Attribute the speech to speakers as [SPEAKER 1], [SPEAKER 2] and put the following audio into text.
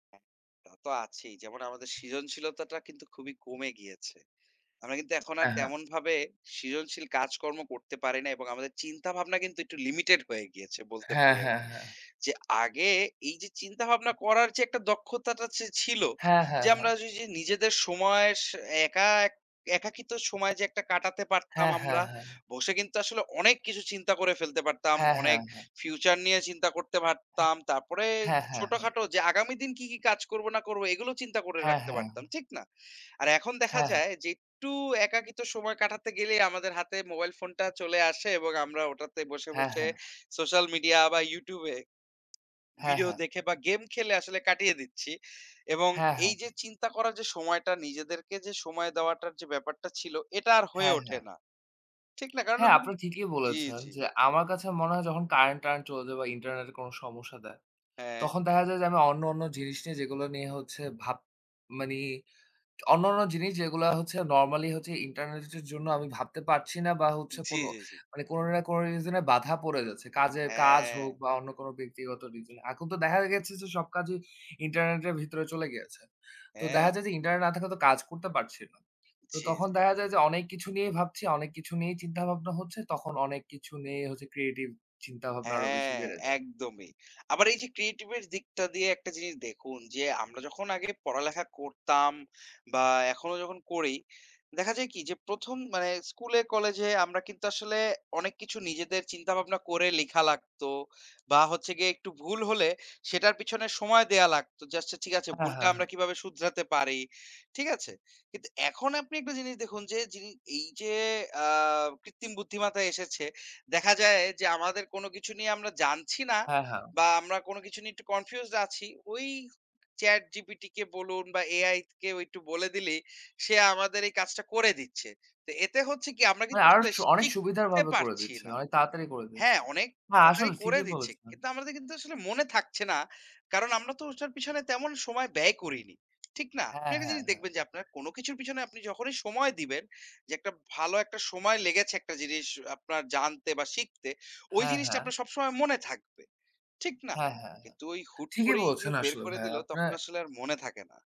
[SPEAKER 1] হ্যাঁ, তা তো আছেই। যেমন আমাদের সৃজনশীলতাটা কিন্তু খুবই কমে গিয়েছে। আমরা কিন্তু এখন আর
[SPEAKER 2] এ্যাঁ, হ্যাঁ।
[SPEAKER 1] তেমনভাবে সৃজনশীল কাজকর্ম করতে পারি না এবং আমাদের চিন্তাভাবনা কিন্তু একটু লিমিটেড হয়ে গিয়েছে, বলতে
[SPEAKER 2] হ্যাঁ,
[SPEAKER 1] পারি
[SPEAKER 2] হ্যাঁ,
[SPEAKER 1] আরকি।
[SPEAKER 2] হ্যাঁ।
[SPEAKER 1] যে আগে এইযে, চিন্তা ভাবনা করার যে একটা দক্ষতাটা চে ছিল।
[SPEAKER 2] হ্যাঁ, হ্যাঁ,
[SPEAKER 1] যে, আমরা
[SPEAKER 2] হ্যাঁ।
[SPEAKER 1] যে ঐযে নিজেদের সময়ের সা একা এক একাকিত্ব সময় যে একটা কাটাতে পারতাম
[SPEAKER 2] হ্যাঁ,
[SPEAKER 1] আমরা,
[SPEAKER 2] হ্যাঁ, হ্যাঁ।
[SPEAKER 1] বসে কিন্তু আসলে অনেক কিছু চিন্তা করে ফেলতে পারতাম।
[SPEAKER 2] হ্যাঁ, হ্যাঁ,
[SPEAKER 1] অনেক
[SPEAKER 2] হ্যাঁ।
[SPEAKER 1] ফিউচার নিয়ে চিন্তা করতে
[SPEAKER 2] হ্যাঁ,
[SPEAKER 1] পারতাম। তারপরে
[SPEAKER 2] হ্যাঁ, হ্যাঁ, হ্যাঁ।
[SPEAKER 1] ছোটখাটো যে আগামী দিন কি, কি কাজ করবো না করবো? এগুলো চিন্তা করে
[SPEAKER 2] হ্যাঁ,
[SPEAKER 1] রাখতে
[SPEAKER 2] হ্যাঁ।
[SPEAKER 1] পারতাম। ঠিক না? আর এখন দেখা
[SPEAKER 2] হ্যাঁ, হ্যাঁ।
[SPEAKER 1] যায় যে, একটু একাকিত্ব সময় কাটাতে গেলেই, আমাদের হাতে মোবাইল ফোনটা চলে আসে। এবং আমরা ওটাতে বসে,
[SPEAKER 2] হ্যাঁ,
[SPEAKER 1] বসে
[SPEAKER 2] হ্যাঁ।
[SPEAKER 1] সোশ্যাল মিডিয়া বা, YouTube এ
[SPEAKER 2] হ্যাঁ,
[SPEAKER 1] ভিডিও
[SPEAKER 2] হ্যাঁ।
[SPEAKER 1] দেখে বা, গেম খেলে আসলে কাটিয়ে দিচ্ছি। এবং
[SPEAKER 2] হ্যাঁ, হ্যাঁ,
[SPEAKER 1] এইযে
[SPEAKER 2] হ্যাঁ।
[SPEAKER 1] চিন্তা করার যে সময়টা, নিজেদেরকে যে সময় দেওয়াটার যে ব্যাপারটা ছিল, এটা আর হয়ে
[SPEAKER 2] হ্যাঁ,
[SPEAKER 1] ওঠে
[SPEAKER 2] হ্যাঁ।
[SPEAKER 1] না। ঠিক না? কারণ
[SPEAKER 2] হ্যাঁ,
[SPEAKER 1] আপনি
[SPEAKER 2] আপনি
[SPEAKER 1] কিন্তু
[SPEAKER 2] ঠিকই
[SPEAKER 1] জি,
[SPEAKER 2] বলেছেন
[SPEAKER 1] জি।
[SPEAKER 2] যে, আমার কাছে মনে হয়, যখন কারেন্ট-টারেন্ট চলে যায় বা, ইন্টারনেটের কোন সমস্যা দেয়।
[SPEAKER 1] হ্যাঁ।
[SPEAKER 2] তখন দেখা যায় যে, আমি অন্য, অন্য জিনিস নিয়ে, যেগুলো নিয়ে হচ্ছে ভাব মানে অন্যান্য জিনিস যেগুলা হচ্ছে, নরমালি হচ্ছে ইন্টারনেটের জ জন্য আমি ভাবতে পারছি না। বা হচ্ছে
[SPEAKER 1] জি,
[SPEAKER 2] কোন
[SPEAKER 1] জি, জি।
[SPEAKER 2] মানে কোন না কোন রিজনে বাধা পড়ে যাচ্ছে। কাজের কাজ হোক
[SPEAKER 1] হ্যাঁ।
[SPEAKER 2] বা, অন্য কোনো ব্যক্তিগত রিজন। এখন তো দেখা গেছে যে, সব কাজই ইন্টারনেটের ভিতরে চলে গিয়েছে। তো দেখা
[SPEAKER 1] হ্যাঁ।
[SPEAKER 2] যায় যে, ইন্টারনেট না থাকলে তো কাজ করতে পারছি না। তো,
[SPEAKER 1] জি,
[SPEAKER 2] তখন
[SPEAKER 1] জি,
[SPEAKER 2] দেখা
[SPEAKER 1] জি।
[SPEAKER 2] যায় যে, অনেক কিছু নিয়েই ভাবছি, অনেক কিছু নিয়েই চিন্তাভাবনা হচ্ছে। তখন অনেক কিছু নিয়েই হচ্ছে, ক্রিয়েটিভ চিন্তাভাবনা আরো বেশি
[SPEAKER 1] হ্যাঁ,
[SPEAKER 2] বেড়ে যায়।
[SPEAKER 1] একদমই। আবার এইযে ক্রিয়েটিভের দিকটা দিয়ে একটা জিনিস দেখুন যে, আমরা যখন আগে পড়ালেখা করতাম বা, এখনো যখন করি। দেখা যায় কি? যে, ১ম মানে স্কুলে, কলেজে আমরা কিন্তু আসলে অনেক কিছু নিজেদের চিন্তা ভাবনা করে লিখা লাগতো। বা হচ্ছে গিয়ে একটু ভুল হলে, সেটার পেছনে সময় দেয়া লাগতো। যে আচ্ছা ঠিক আছে
[SPEAKER 2] হ্যাঁ,
[SPEAKER 1] ভুলটা
[SPEAKER 2] হ্যাঁ,
[SPEAKER 1] আমরা
[SPEAKER 2] হ্যাঁ।
[SPEAKER 1] কিভাবে শুধরাতে পারি? ঠিক আছে? কিন্তু এখন আপনি একটা জিনিস দেখুন যে, যিনি এইযে আ কৃত্রিম বুদ্ধিমত্তা এসেছে। দেখা যায়, যে আমাদের কোনো কিছু নিয়ে আমরা জানছি না।
[SPEAKER 2] হ্যাঁ, হ্যাঁ।
[SPEAKER 1] বা আমরা কোন কিছু নিয়ে একটু কনফিউজড আছি। ওই ChatGPT কে বলুন বা AI কেও একটু বলে দিলেই, সে আমাদের এই কাজটা করে দিচ্ছে। তো এতে হচ্ছে কি? আমরা
[SPEAKER 2] মানে
[SPEAKER 1] কিন্তু
[SPEAKER 2] আরো
[SPEAKER 1] আসলে
[SPEAKER 2] সু অনেক সুবিধার
[SPEAKER 1] শিখতে
[SPEAKER 2] ভাবে করে
[SPEAKER 1] পারছি
[SPEAKER 2] দিচ্ছে।
[SPEAKER 1] না
[SPEAKER 2] অনেক তাড়াতাড়ি করে দিচ্ছে।
[SPEAKER 1] হ্যাঁ, অনেক
[SPEAKER 2] হ্যাঁ,
[SPEAKER 1] তাড়াতাড়ি
[SPEAKER 2] আসলে
[SPEAKER 1] করে
[SPEAKER 2] ঠিকই
[SPEAKER 1] দিচ্ছে।
[SPEAKER 2] বলেছেন।
[SPEAKER 1] কিন্তু আমাদের কিন্তু আসলে মনে থাকছে না। কারণ আমরা তো ওটার পিছনে তেমন সময় ব্যয় করিনি। ঠিক না? আপনি
[SPEAKER 2] হ্যাঁ,
[SPEAKER 1] একটা
[SPEAKER 2] হ্যাঁ,
[SPEAKER 1] জিনিস
[SPEAKER 2] হ্যাঁ।
[SPEAKER 1] দেখবেন যে, আপনার কোন কিছুর পেছনে আপনি যখনই সময় দিবেন। যে একটা ভালো একটা সময় লেগেছে একটা জিনিস আপনার জানতে বা শিখতে। ওই
[SPEAKER 2] হ্যাঁ,
[SPEAKER 1] জিনিসটা
[SPEAKER 2] হ্যাঁ।
[SPEAKER 1] আপনার সবসময় মনে থাকবে। ঠিক না?
[SPEAKER 2] হ্যাঁ, হ্যাঁ, হ্যাঁ।
[SPEAKER 1] কিন্তু ওই হুট
[SPEAKER 2] ঠিকই
[SPEAKER 1] করেই যে
[SPEAKER 2] বলছেন
[SPEAKER 1] বের
[SPEAKER 2] আসলে
[SPEAKER 1] করে
[SPEAKER 2] ভাইয়া,
[SPEAKER 1] দিলো, তখন
[SPEAKER 2] আপনার
[SPEAKER 1] আসলে আর মনে থাকে না।